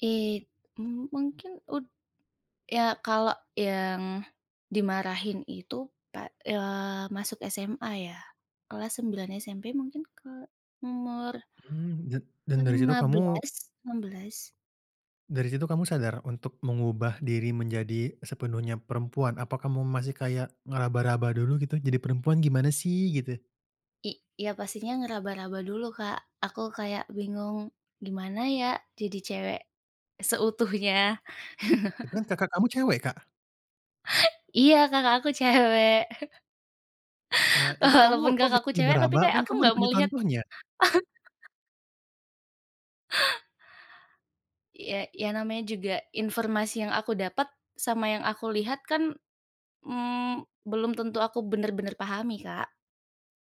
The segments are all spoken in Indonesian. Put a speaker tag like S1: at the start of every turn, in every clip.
S1: It mmm, mungkin ud ya kalau yang dimarahin itu pak eee, masuk SMA ya, kelas 9 SMP mungkin ke umur
S2: Hmm, dan dan dari situ
S1: lima
S2: kamu
S1: belas, enam belas.
S2: dari situ kamu sadar untuk mengubah diri menjadi sepenuhnya perempuan? Apa kamu masih kayak ngeraba-raba dulu gitu, "Jadi perempuan gimana sih?" Gitu?
S1: I iya pastinya ngeraba-raba dulu, Kak, aku kayak bingung, gimana ya jadi cewek seutuhnya.
S2: Tapi kan kakak kamu cewek, Kak?
S1: Iya, kakak aku cewek.
S2: Nah, itu kamu
S1: Walaupun
S2: kok
S1: kakak
S2: bisa
S1: aku cewek tapi
S2: ngeraba-raba
S1: kayak
S2: kan
S1: aku
S2: kamu udah
S1: nggak
S2: punya
S1: melihat
S2: contohnya?
S1: Ya ya namanya juga informasi yang aku dapat sama yang aku lihat kan, mmm, belum tentu aku bener-bener pahami, Kak.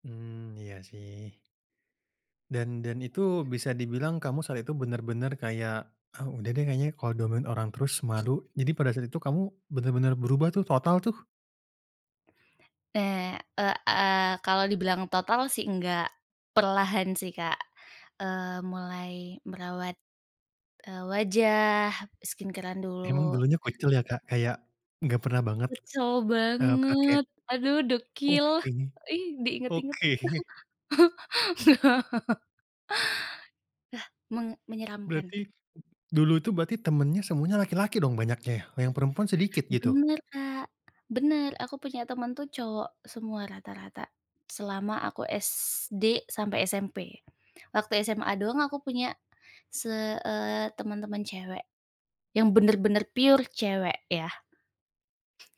S2: Hmm, iya sih. Dan dan itu
S1: [unintelligible]
S2: bisa dibilang kamu saat itu benar-benar kayak, "Ah, udah deh, kayaknya kalau di omongin orang terus malu." Jadi pada saat itu kamu benar-benar berubah tuh, total tuh?
S1: Eee, ek aaa, kalau dibilang total sih enggak. Perlahan sih, Kak, eee, mulai merawat, eee, wajah, skincare-an
S2: Emang
S1: dulu.
S2: dulunya kucel ya, Kak? Kayak gak pernah banget,
S1: Kucel
S2: eee, pakai
S1: banget, aduh dekil,
S2: Oke
S1: ih, diinget-inget.
S2: oke.
S1: Ah, menge menyeramkan.
S2: Berarti dulu itu berarti temennya semuanya laki-laki dong banyaknya ya? Yang perempuan sedikit, gitu?
S1: Bener, Kak, bener, aku punya temen tuh cowok semua rata-rata, selama aku SD sampai SMP. Waktu SMA doang aku punya se eee, temen-temen cewek, yang bener-bener pure cewek ya.